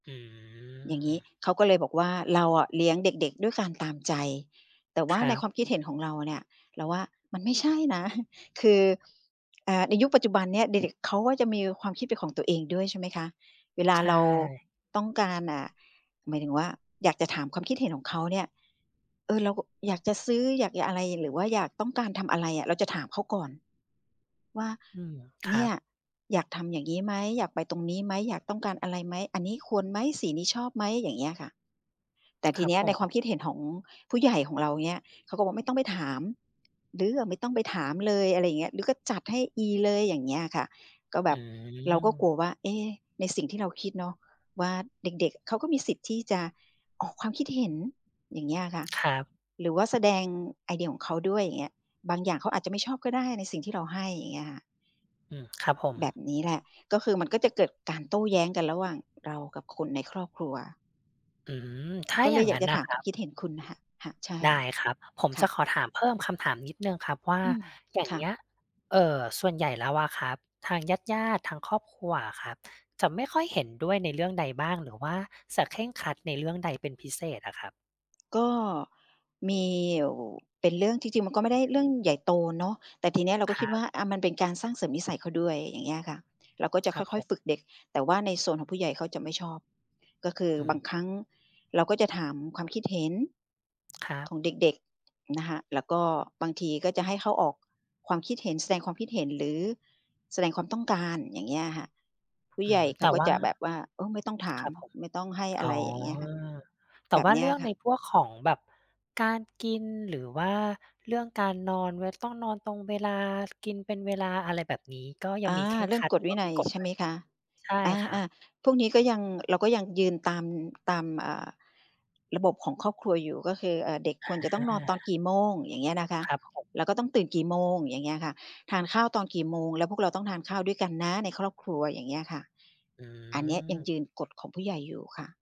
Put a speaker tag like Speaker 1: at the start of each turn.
Speaker 1: อื
Speaker 2: อย่างงี้
Speaker 1: ม
Speaker 2: เขาก็เลยบอกว่า เราอะเลี้ยงเด็ก ๆ ด้วยการตามใจ แต่ว
Speaker 1: ค
Speaker 2: ่า
Speaker 1: ร
Speaker 2: ใ
Speaker 1: ั
Speaker 2: น
Speaker 1: บ
Speaker 2: ความคิดเห็นของเราเนี่ย เราว่ามันไม่ใช่นะ คือ อ่า ในยุคปัจจุบันเนี่ย เด็ก ๆ เขาก็จะมีความคิดเป็นของตัวเองด้วย ใช่ไหมคะ? เวลา
Speaker 1: ใช
Speaker 2: เรา
Speaker 1: ่
Speaker 2: ต้องการ อ่า หมายถึงว่า อยากจะถามความคิดเห็นของเขาเนี่ย เออ เราอยากจะซื้อ อยากหยะอะไร หรือว่าอยาก ต้องการทำอะไรอะ เราจะถามเขาก่อนว่า
Speaker 1: อืม ค
Speaker 2: เ
Speaker 1: ร
Speaker 2: น
Speaker 1: ั
Speaker 2: ี่ย
Speaker 1: บ
Speaker 2: อยากทำอย่างงี้ไหม? อยากไปตรงนี้ไหม? อยากต้องการอะไรไหม? อันนี้ควรไหม? สีนี้ชอบไหม? อย่างเงี้ยค่ะ แต่ท
Speaker 1: ค
Speaker 2: ี
Speaker 1: รั
Speaker 2: เ
Speaker 1: บ
Speaker 2: นี้ย
Speaker 1: ผ
Speaker 2: ในค
Speaker 1: ม
Speaker 2: วามคิดเห็นของผู้ใหญ่ของเราเงี้ย เขาก็บอกว่า "ไม่ต้องไปถาม ลื้ออะไม่ต้องไปถามเลย" อะไรอย่างเงี้ย "ลื้อก็จัดให้อีเลย" อย่างเงี้ยอะค่ะ ก็แบ
Speaker 1: อื
Speaker 2: บ เราก็กลั
Speaker 1: อ
Speaker 2: วว่า เอ๊! ในสิ่งที่เราคิดเนาะว่า เด็ก ๆ เขาก็มีสิทธิ์ที่จะออกความคิดเห็น อย่างเงี้ยอะค่ะ
Speaker 1: ครับ
Speaker 2: หรือว่าแสดงไอเดียของเขาด้วยอย่างเงี้ย บางอย่างเขาอาจจะไม่ชอบก็ได้ในสิ่งที่เราให้อย่างเงี้ยค่ะ
Speaker 1: อือ ครับผ
Speaker 2: แบ
Speaker 1: ม
Speaker 2: บนี้แหละ ก็คือมันก็จะเกิดการโต้แย้งกันระหว่างเรากับคนในครอบครัว
Speaker 1: อืม ถ้า
Speaker 2: ก็เ
Speaker 1: อย
Speaker 2: ล
Speaker 1: ่าง
Speaker 2: ยอย
Speaker 1: ง
Speaker 2: า
Speaker 1: ั้
Speaker 2: ก
Speaker 1: น
Speaker 2: จะ
Speaker 1: น่ะ
Speaker 2: ถาม
Speaker 1: ค
Speaker 2: ค
Speaker 1: รั
Speaker 2: วาม
Speaker 1: บ
Speaker 2: คิดเห็นคุณนะค่ะ ค่ะ ใช่
Speaker 1: ได้ครับ ผม
Speaker 2: ค
Speaker 1: จ
Speaker 2: ่
Speaker 1: ะ
Speaker 2: ะ
Speaker 1: ขอถาม เพิ่มคำถามนิดหนึ่งครับว่า
Speaker 2: อืม
Speaker 1: อย่า
Speaker 2: ค
Speaker 1: ง
Speaker 2: ่
Speaker 1: เง
Speaker 2: ะ
Speaker 1: ี้ย เอ่อ ส่วนใหญ่แล้วอะครับ ทางญาติ ๆ ทางครอบครัวอะครับ จะไม่ค่อยเห็นด้วยในเรื่องใดบ้าง หรือว่าจะเคร่งครัดในเรื่องใดเป็นพิเศษอะครับ?
Speaker 2: ก็มีอยู่เป็นเรื่อง จริง ๆ มันก็ไม่ได้เรื่องใหญ่โตเนาะ แต่ทีเนี้ยเราก
Speaker 1: ค
Speaker 2: ็ค
Speaker 1: ร
Speaker 2: ิด
Speaker 1: ั
Speaker 2: ว่
Speaker 1: บ
Speaker 2: า อา มันเป็นการสร้างเสริมนิสัยเขาด้วย อย่างเงี้ยอะค่ะ เราก็จะ
Speaker 1: ค
Speaker 2: ค
Speaker 1: รั
Speaker 2: ่
Speaker 1: บผ
Speaker 2: อย
Speaker 1: ม
Speaker 2: ๆ ฝึกเด็ก แต่ว่าในโซนของผู้ใหญ่เขาจะไม่ชอบ ก็คือ
Speaker 1: อื
Speaker 2: บาง
Speaker 1: ม
Speaker 2: ครั้ง เราก็จะถามความ คิดเห็น
Speaker 1: ครั
Speaker 2: ข
Speaker 1: บ
Speaker 2: องเด็ก ๆ นะคะ แล้วก็บางทีก็จะให้เขาออกความคิดเห็น แสดงความคิดเห็น หรือแสดงความต้องการ อย่างเงี้ยอะค่ะ ผู้
Speaker 1: อื
Speaker 2: ใหญ่
Speaker 1: ม
Speaker 2: เข
Speaker 1: แต
Speaker 2: า
Speaker 1: ่
Speaker 2: ก็
Speaker 1: ว่า
Speaker 2: จะแบบว่า เออ ไม่ต้องถา
Speaker 1: ค
Speaker 2: ม
Speaker 1: รับผม
Speaker 2: ไม่ต้องให้ อ
Speaker 1: อ
Speaker 2: ะไ
Speaker 1: ๋
Speaker 2: ร
Speaker 1: อ
Speaker 2: อย่างเงี้ยค่ะ
Speaker 1: แต่
Speaker 2: แบ
Speaker 1: ว
Speaker 2: บ
Speaker 1: ่า
Speaker 2: เนี
Speaker 1: เร
Speaker 2: ้ย
Speaker 1: ื่อง
Speaker 2: ค
Speaker 1: ใ
Speaker 2: ่
Speaker 1: น
Speaker 2: ะ
Speaker 1: พวกของแบบการกิน หรือว่าเรื่องการนอน เว ต้องนอนตรงเวลา กินเป็นเวลา อะไรแบบนี้ ก็ยั
Speaker 2: อ
Speaker 1: งม
Speaker 2: า
Speaker 1: ีเคร่ง
Speaker 2: เรื่
Speaker 1: ค
Speaker 2: อง
Speaker 1: รัด
Speaker 2: ก
Speaker 1: หร
Speaker 2: ฎ
Speaker 1: ือ
Speaker 2: ว
Speaker 1: ว
Speaker 2: ิ
Speaker 1: ่า
Speaker 2: นั
Speaker 1: มี
Speaker 2: ย
Speaker 1: กฎ
Speaker 2: ใช
Speaker 1: ด
Speaker 2: ่
Speaker 1: ้
Speaker 2: ไ
Speaker 1: ว
Speaker 2: หม
Speaker 1: ย
Speaker 2: คะ?
Speaker 1: ใช่
Speaker 2: อ
Speaker 1: ครับ
Speaker 2: า ๆ พวกนี้ก็ยัง เราก็ยังยืนตาม ตาม อ่า ระบบของครอบครัวอยู่ ก็คือ เอ่อ เด็ก
Speaker 1: อ
Speaker 2: ควรจะต้องนอนตอนก
Speaker 1: า
Speaker 2: ี่โมงอย่างเงี้ยนะคะ
Speaker 1: ครับผม
Speaker 2: แล้วก็ต้องตื่นกี่โมงอย่างเงี้ยค่ะ ทานข้าวตอนกี่โมง แล้วพวกเราต้องทานข้าวด้วยกันนะในครอบครัวอย่างเงี้ยค่ะ
Speaker 1: อื
Speaker 2: อันเนี้ยยังย
Speaker 1: อ
Speaker 2: ืนกฎของผู้ใหญ่อยู่ค่ะ